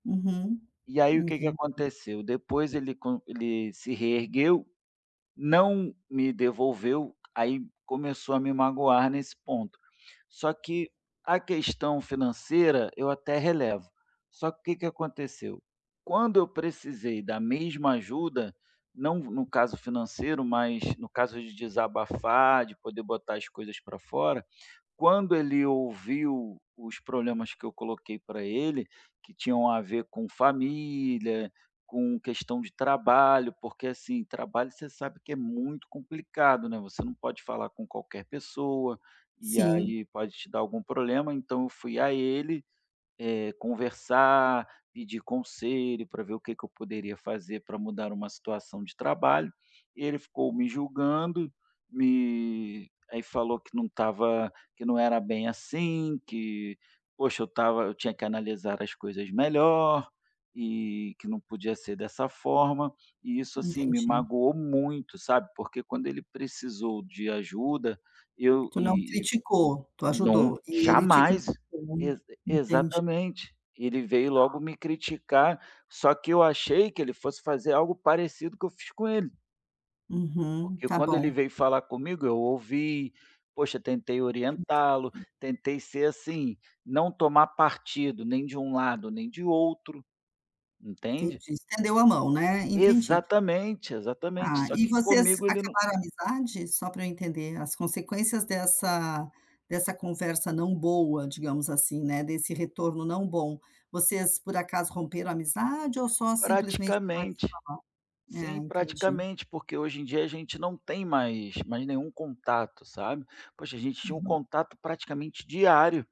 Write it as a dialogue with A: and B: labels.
A: Uhum,
B: E aí o que que
A: entendi.
B: aconteceu? Depois ele con ele se reergueu, não me devolveu, aí começou a me magoar nesse ponto. Só que a questão financeira eu até relevo. Só que o que que aconteceu? Quando eu precisei da mesma ajuda, não no caso financeiro, mas no caso de desabafar, de poder botar as coisas para fora, quando ele ouviu os problemas que eu coloquei para ele, que tinham a ver com família, com questão de trabalho, porque assim, trabalho você sabe que é muito complicado, né. Você não pode falar com qualquer pessoa, e
A: Sim.
B: aí pode te dar algum problema, então eu fui a ele, eh, conversar, pedir conselho para ver o que é que eu poderia fazer para mudar uma situação de trabalho, e ele ficou me julgando, me aí falou que não estava, que não era bem assim, que poxa, eu estava eu tinha que analisar as coisas melhor e que não podia ser dessa forma. E isso assim me
A: Entendi.
B: magoou muito, sabe? Porque quando ele precisou de ajuda, e eu
A: Tu não
B: e
A: criticou, tu
B: não
A: ajudou e ele te
B: jamais,
A: criticou,
B: exa
A: entendi.
B: exatamente. E ele veio
A: Tá.
B: logo me criticar, só que eu achei que ele fosse fazer algo parecido que eu fiz com ele.
A: Uhum,
B: Porque
A: está
B: quando ele
A: bom.
B: veio falar comigo, eu ouvi, poxa tentei orientá-lo,
A: [unintelligible]
B: tentei ser assim, não tomar partido nem de um lado nem de outro, entende?
A: Entendi, estendeu a mão, né, entendi.
B: Exatamente, exatamente,
A: Está,
B: só
A: e
B: que
A: vocês
B: comigo ele num
A: acabaram a amizade, só para eu entender, as consequências dessa dessa conversa não boa digamos assim, né, desse retorno não bom, vocês por acaso romperam a amizade ou só simplesmente pararam de se
B: Praticamente.
A: falar? É
B: Sim,
A: entendi.
B: praticamente, porque hoje em dia a gente não tem mais mais nenhum contato, sabe? Poxa, gente tinha um
A: Uhum.
B: contato praticamente diário.